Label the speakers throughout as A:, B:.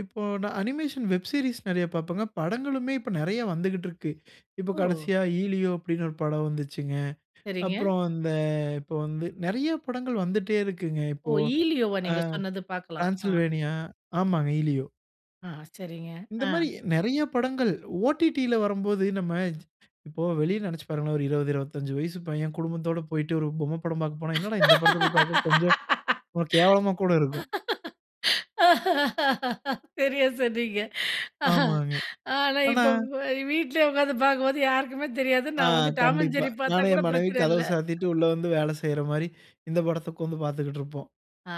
A: இப்போ நான் animation web series நெறைய பாப்பேங்க. படங்களுமே இப்ப நிறைய வந்துக்கிட்ருக்கு. இப்போ
B: ஓ!
A: கடைசியா "ஈலியோ"அப்டின்னு ஒரு படம் வந்துச்சுங்க.
B: சரிங்க.
A: அப்புறம் அந்த இப்போ வந்து நிறைய படங்கள் வந்துட்டே இருக்குங்க
B: ஒ!
A: இப்போ.
B: ஈலியோவா?
A: ஆ
B: நீங்க சொன்னது பாக்கலாம். ஆ.
A: டிரான்சில்வேனியா, ஆமாங்க ஈலியோ.
B: ஆ சரிங்க.
A: இந்த
B: ஆ.
A: மாரி நிறைய படங்கள் ஓடிடில வரும்போது நம்ம இப்போ வெளியில நெனச்சு பாருங்களேன், ஒரு 20, 25 வயசு பையன் குடும்பத்தோட போய்ட்டு ஒரு பொம்மை படம் பாக்க போனா, என்னடா இந்த படத்தை போய் பாக்க, கொஞ்சம் கேவலமா கூட இருக்கும்.
B: சரியா சொன்னீங்க.
A: ஆமாங்க.
B: ஆனா,
A: ஆனா,
B: இப்போ வ் வீட்லயே உக்காந்து பாக்கும்போது, யாருக்குமே தெரியாது,
A: ஆ,
B: நான் வந்து டாம் அண்ட்
A: கண்டிப்பா.
B: ஜெர்ரி பாத்தா
A: நானும்
B: கூட
A: என் மனைவியும்
B: பிரச்சனை
A: கதவ
B: இல்லை.
A: சாத்திட்டு உள்ள வந்து வேலை செய்ற மாரி, இந்த படத்தை உக்காந்து பாத்துக்கிட்டு இருப்போம்.
B: ஆ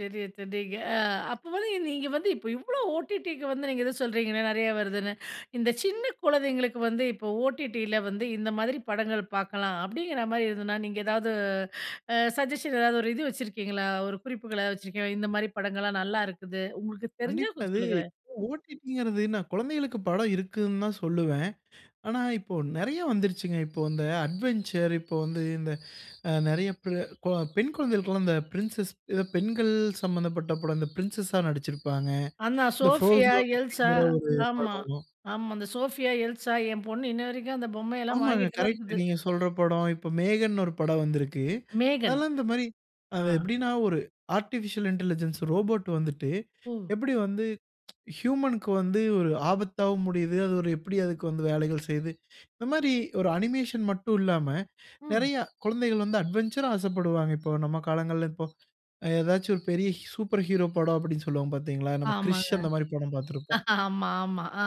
B: சரியா சொன்னீங்க. ஆ அப்போ வந்து நீங்க வந்து, இப்ப இவ்ளோ ஓ.டி.டிக்கு வந்து நீங்க ஏதோ சொல்றீங்களே, நெறைய வருதுன்னு! இந்த சின்ன குழந்தைங்களுக்கு வந்து, இப்போ ஓடிடியில வந்து "இந்த மாதிரி படங்கள் பாக்கலாம்" அப்படிங்கிற மாதிரி எதுன்னா, நீங்க ஏதாவது அ சஜ்ஜஷன் ஏதாவது ஒரு இது வச்சுருக்கீங்களா? ஒரு குறிப்புகள வச்சுருக்கீங்களா? இந்த மாரி படங்கள்லாம் நல்லா இருக்குது. உங்களுக்கு தெரிஞ்சா
A: கண்டிப்பா
B: கொஞ்சம்
A: அது
B: சொல்லுங்களேன்.
A: ஒ.டி.டி.ங்குறது நான் குழந்தைகளுக்கு படம் இருக்குதுன்னு தான் சொல்லுவேன். ஆனா, இப்போ நிறைய வந்துருச்சுங்க. இப்போ இந்த அட்வென்ச்சர், இப்போ வந்து இந்த அ நிறைய ப் ர கோ பெண் கொழந்தைகளுக்கு எல்லாம் இந்த பிரின்சஸ் அ பெண்கள் சம்பந்தப்பட்ட படம் இந்த பிரின்சஸ்ஸா நடிச்சிருப்பாங்க.
B: அந்த
A: இந்த
B: சோஃபியா,
A: ஃபுரோசோன்
B: எல்சா,
A: அப்படிங்குற ஒரு
B: ஆமா
A: படம்.
B: ஆமா. அந்த சோஃபியா, எல்சா என் பொண்ணு இன்ன வரைக்கும் அந்த பொம்மையெல்லாம்
A: ஆமாங்க.
B: வாங்கிட்டு தான்
A: கரெக்ட்டு
B: இருக்குது.
A: நீங்க சொல்ற படம், இப்ப மேகன்ன்னு ஒரு படம் வந்திருக்கு.
B: "மேகன்"
A: அதெல்லாம் இந்த மாரி
B: அ,
A: அது எப்படின்னா, ஒரு ஆர்டிபிஷியல் இன்டெலிஜென்ஸ் ரோபோட் வந்துட்டு,
B: ஓ!
A: எப்படி வந்து, ப்ச் ஹியூமன் க்கு வந்து ஒரு ஆபத்தாவும் முடியுது. அது ஒரு எப்படி அதுக்கு வந்து வேலைகள் செய்யுது. இந்த மாரி ஒரு அனிமேஷன் மட்டும் இல்லாம,
B: ம்.
A: நிறைய குழந்தைகள் வந்து அட்வென்ச்சரா, ஆசைப்படுவாங்க. இப்போ நம்ம காலங்கள்ல இப்போ ஏதாச்சும் ஒரு பெரிய சூப்பர் ஹீரோ படம் அப்படின்னு சொல்லுவோம் பாத்தீங்களா? நம்ம கிரிஷ்
B: ஆமாங்க.
A: அந்த மாரி படம் பாத்திருப்போம்.
B: ஆமா, ஆமா. ஆ